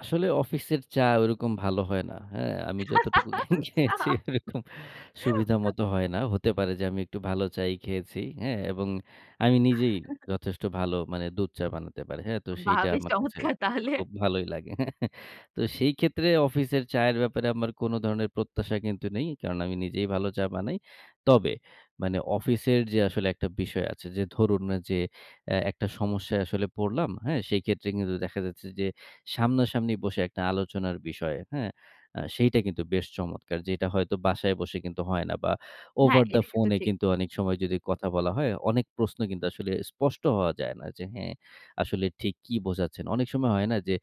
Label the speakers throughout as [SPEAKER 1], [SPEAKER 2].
[SPEAKER 1] আসলে অফিসের চা ওইরকম ভালো হয় না, হ্যাঁ? আমি যতটুকু খে
[SPEAKER 2] আচ্ছা।
[SPEAKER 1] খেয়েছি, ওরকম সুবিধা মত হয় না। হতে পারে যে আমি একটু ভালো চাই খেয়েছি, হ্যাঁ? এবং আমি নিজেই যথেষ্ট ভালো মানে দুধ চা বানাতে পারি। হ্যাঁ? তো
[SPEAKER 2] বাহ!
[SPEAKER 1] সেইটা
[SPEAKER 2] বেশ
[SPEAKER 1] আমার কাছে
[SPEAKER 2] চমৎকার তাহলে।
[SPEAKER 1] খুব ভালোই লাগে। তো সেইক্ষেত্রে অফিসের চায়ের ব্যাপারে আমার কোন ধরনের প্রত্যাশা কিন্তু নেই। এই কারণ আমি নিজেই ভালো চা বানাই। তবে মানে অফিসের যে আসলে একটা বিষয় আছে যে ধরুন যে, অ্যা একটা সমস্যায় আসলে পড়লাম, হ্যাঁ? সেইক্ষেত্রে কিন্তু দেখা যাচ্ছে যে সামনাসামনি বসে একটা আলোচনার বিষয়, হ্যাঁ? অ্যাঁ সেইটা কিন্তু বেশ চমৎকার। যেটা হয়তো বাসায় বসে কিন্তু হয় না বা
[SPEAKER 2] হ্যাঁ,
[SPEAKER 1] over the
[SPEAKER 2] এটা
[SPEAKER 1] phone
[SPEAKER 2] কিন্তু
[SPEAKER 1] এ
[SPEAKER 2] ঠিক।
[SPEAKER 1] কিন্তু অনেক সময় যদি কথা বলা হয়, অনেক প্রশ্ন কিন্তু আসলে স্পষ্ট হওয়া যায় না যে, "হ্যাঁ, আসলে ঠিক কি বোঝাচ্ছেন।" অনেক সময় হয় না যে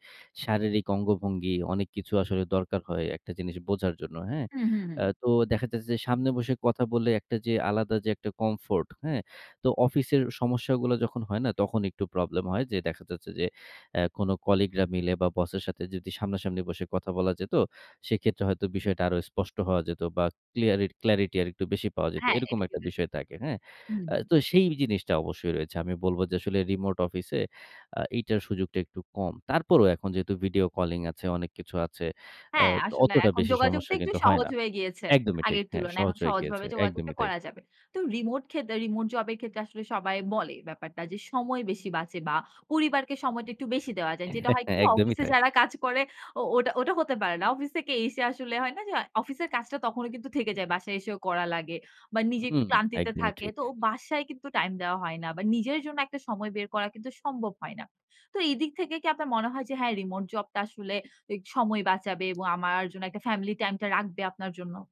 [SPEAKER 1] শারীরিক অঙ্গভঙ্গি, অনেক কিছু আসলে দরকার হয় একটা জিনিস বোঝার জন্য, হ্যাঁ?
[SPEAKER 2] হুম, হুম, হুম।
[SPEAKER 1] অ্যাঁ তো দেখা যাচ্ছে যে সামনে বসে কথা বললে একটা যে আলাদা যে একটা comfort, হ্যাঁ? তো অফিসের সমস্যাগুলো যখন হয় না, তখন একটু প্রবলেম হয় যে দেখা যাচ্ছে যে, আ কোনো কলিগরা মিলে বা বসের সাথে যদি সামনাসামনি বসে কথা বলা যেত, সেক্ষেত্রে হয়তো বিষয়টা আরো স্পষ্ট হওয়া যেত বা ক্লিয়ার এ clarity আরেকটু বেশি পাওয়া যেত।
[SPEAKER 2] হ্যাঁ,
[SPEAKER 1] এরকম
[SPEAKER 2] এটা
[SPEAKER 1] একটা
[SPEAKER 2] কিন্তু ঠিক।
[SPEAKER 1] বিষয় থাকে, হ্যাঁ?
[SPEAKER 2] হুম।
[SPEAKER 1] আ তো সেই বি জিনিসটা অবশ্যই রয়েছে। আমি বলবো যে আসলে remote office এ আ এইটার সুযোগটা একটু কম। তারপরেও এখন যেহেতু ভিডিও কলিং আছে, অনেক কিছু আছে।
[SPEAKER 2] হ্যাঁ,
[SPEAKER 1] আত
[SPEAKER 2] আসলে
[SPEAKER 1] অতটা
[SPEAKER 2] এখন
[SPEAKER 1] বেশি
[SPEAKER 2] যোগাযোগটা
[SPEAKER 1] সমস্যা
[SPEAKER 2] একটু
[SPEAKER 1] কিন্তু হয়
[SPEAKER 2] সহজ
[SPEAKER 1] না।
[SPEAKER 2] হয়ে গিয়েছে
[SPEAKER 1] একদমই ঠিক।
[SPEAKER 2] আগের
[SPEAKER 1] হ্যাঁ,
[SPEAKER 2] তুলনায়।
[SPEAKER 1] সহজ
[SPEAKER 2] এখন
[SPEAKER 1] হয়ে গিয়েছে।
[SPEAKER 2] সহজভাবে যোগাযোগটা
[SPEAKER 1] একদমই তাই।
[SPEAKER 2] করা যাবে। তো রিমোট ক্ষেদে remote job এর ক্ষেত্রে আসলে সবাই বলে ব্যাপারটা যে সময় বেশি বাঁচে বা পরিবারকে সময়টা একটু বেশি দেওয়া যায়। যেটা হয় কি
[SPEAKER 1] একদমই
[SPEAKER 2] অফিসে
[SPEAKER 1] তাই।
[SPEAKER 2] যারা কাজ করে, ও ওটা ওটা হতে পারে না। অফিস থেকে এসে আসলে হয় না যে অফিসের কাজটা তখনও কিন্তু থেকে যায়। বাসায় এসেও করা লাগে। বা নিজে একটু
[SPEAKER 1] হুম,
[SPEAKER 2] ক্লান্তিতে
[SPEAKER 1] একদমই
[SPEAKER 2] থাকে।
[SPEAKER 1] ঠিক।
[SPEAKER 2] তো বাসায় কিন্তু টাইম দেওয়া হয় না। বা নিজের জন্য একটা সময় বের করা কিন্তু সম্ভব হয় না। তো এদিক থেকে কি আপনার মনে হয় যে, হ্যাঁ remote job টা আসলে এ সময় বাঁচাবে এবং আমার জন্য একটা family time টা রাখবে আপনার জন্য।